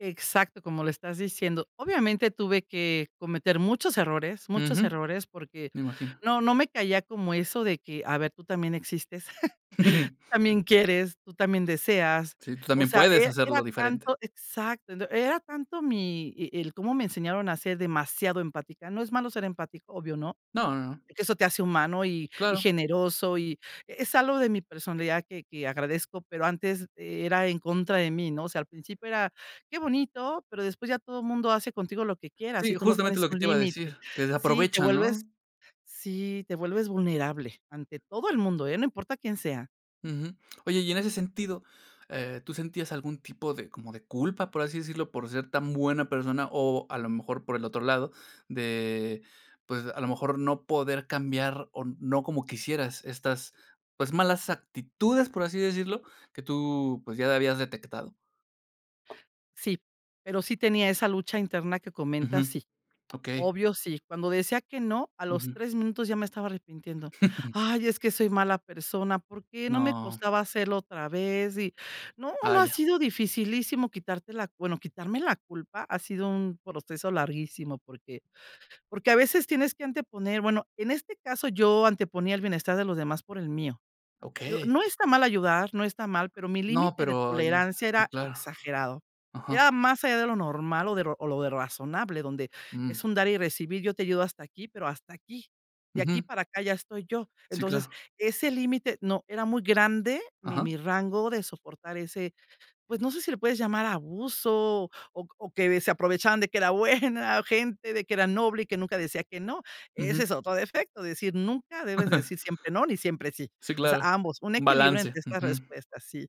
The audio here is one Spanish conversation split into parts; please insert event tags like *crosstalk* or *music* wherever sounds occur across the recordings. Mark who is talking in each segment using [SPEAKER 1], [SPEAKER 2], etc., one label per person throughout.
[SPEAKER 1] Exacto, como lo estás diciendo. Obviamente, tuve que cometer muchos errores, muchos
[SPEAKER 2] Ujú.
[SPEAKER 1] errores, porque
[SPEAKER 2] Me imagino.
[SPEAKER 1] no no me caía como eso de que: "A ver, tú también existes, *chuckles* tú
[SPEAKER 2] *chuckles*
[SPEAKER 1] también quieres, tú también deseas".
[SPEAKER 2] Sí, tú
[SPEAKER 1] O
[SPEAKER 2] también
[SPEAKER 1] sea,
[SPEAKER 2] puedes
[SPEAKER 1] era
[SPEAKER 2] hacerlo
[SPEAKER 1] era
[SPEAKER 2] diferente.
[SPEAKER 1] tanto, exacto, ent era tanto mi y y el cómo me enseñaron a ser demasiado empática. No es malo ser empático, obvio, ¿no?
[SPEAKER 2] No, no.
[SPEAKER 1] Que eso te hace humano y y
[SPEAKER 2] Claro.
[SPEAKER 1] generoso, y es algo de mi personalidad que que agradezco, pero antes era en contra de mí, ¿no? O sea, al principio era, qué bonito, pero después ya todo mundo hace contigo lo que quiera
[SPEAKER 2] Sí,
[SPEAKER 1] si tú no
[SPEAKER 2] justamente
[SPEAKER 1] pones
[SPEAKER 2] lo que
[SPEAKER 1] un
[SPEAKER 2] te iba a
[SPEAKER 1] límite
[SPEAKER 2] decir, que se
[SPEAKER 1] sí, te
[SPEAKER 2] aprovechan
[SPEAKER 1] vuelves
[SPEAKER 2] ¿no?
[SPEAKER 1] sí, te vuelves vulnerable, ante todo el mundo, ¿eh?, no importa quién sea.
[SPEAKER 2] Ujú. Oye, y en ese sentido, eh, ¿tú sentías algún tipo de, como de culpa, por así decirlo, por ser tan buena persona o a lo mejor por el otro lado, de pues, a lo mejor no poder cambiar o no como quisieras, estas, pues malas actitudes, por así decirlo? Que tú, pues ya habías detectado.
[SPEAKER 1] Sí. Pero sí tenía esa lucha interna que
[SPEAKER 2] Ujú,
[SPEAKER 1] comentas, sí.
[SPEAKER 2] okey.
[SPEAKER 1] Obvio, sí, cuando decía que no, a los
[SPEAKER 2] Ujú.
[SPEAKER 1] 3 minutos ya me estaba arrepintiendo.
[SPEAKER 2] *chuckles*
[SPEAKER 1] "Ay, es que soy mala persona, ¿por qué?", no me
[SPEAKER 2] No.
[SPEAKER 1] costaba hacerlo otra vez. Y no, no, ha
[SPEAKER 2] Vaya.
[SPEAKER 1] sido dificilísimo quitarte la bueno, quitarme la culpa ha sido un proceso larguísimo, porque, porque a veces tienes que anteponer, bueno, en este caso, yo anteponía el bienestar de los demás por el mío. Digo,
[SPEAKER 2] Okey.
[SPEAKER 1] no está mal ayudar, no está mal, pero mi
[SPEAKER 2] No,
[SPEAKER 1] límite de
[SPEAKER 2] pero ahí sí
[SPEAKER 1] tolerancia
[SPEAKER 2] sí
[SPEAKER 1] era
[SPEAKER 2] claro.
[SPEAKER 1] exagerado.
[SPEAKER 2] Ajá.
[SPEAKER 1] Era más allá de lo normal o de ro o lo de razonable, donde es
[SPEAKER 2] Mm.
[SPEAKER 1] un dar y recibir, yo te ayudo hasta aquí, pero hasta aquí. De aquí
[SPEAKER 2] Ujú.
[SPEAKER 1] para acá ya estoy yo.
[SPEAKER 2] Sí
[SPEAKER 1] Entonces,
[SPEAKER 2] claro.
[SPEAKER 1] ese límite, no, era muy grande, mi
[SPEAKER 2] Ajá.
[SPEAKER 1] mi rango de soportar ese, pues no sé si lo puedes llamar abuso oc o que se aprovechaban de que era buena gente, de que era noble y que nunca decía que no. Ese
[SPEAKER 2] Ujú.
[SPEAKER 1] es otro defecto, decir, nunca debes
[SPEAKER 2] *chuckles*
[SPEAKER 1] decir siempre no ni siempre sí.
[SPEAKER 2] Sí,
[SPEAKER 1] O sea,
[SPEAKER 2] claro.
[SPEAKER 1] ambos, un
[SPEAKER 2] Un
[SPEAKER 1] equilibrio
[SPEAKER 2] balance,
[SPEAKER 1] entre estas
[SPEAKER 2] ujú.
[SPEAKER 1] respuestas, sí.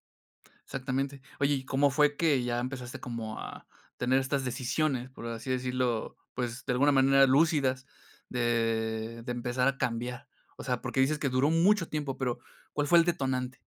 [SPEAKER 2] Exactamente. Oye, ¿y cómo fue que ya empezaste como a tener estas decisiones, por así decirlo, pues de alguna manera lúcidas, de de empezar a cambiar? O sea, porque dices que duró mucho tiempo, pero, ¿cuál fue el detonante?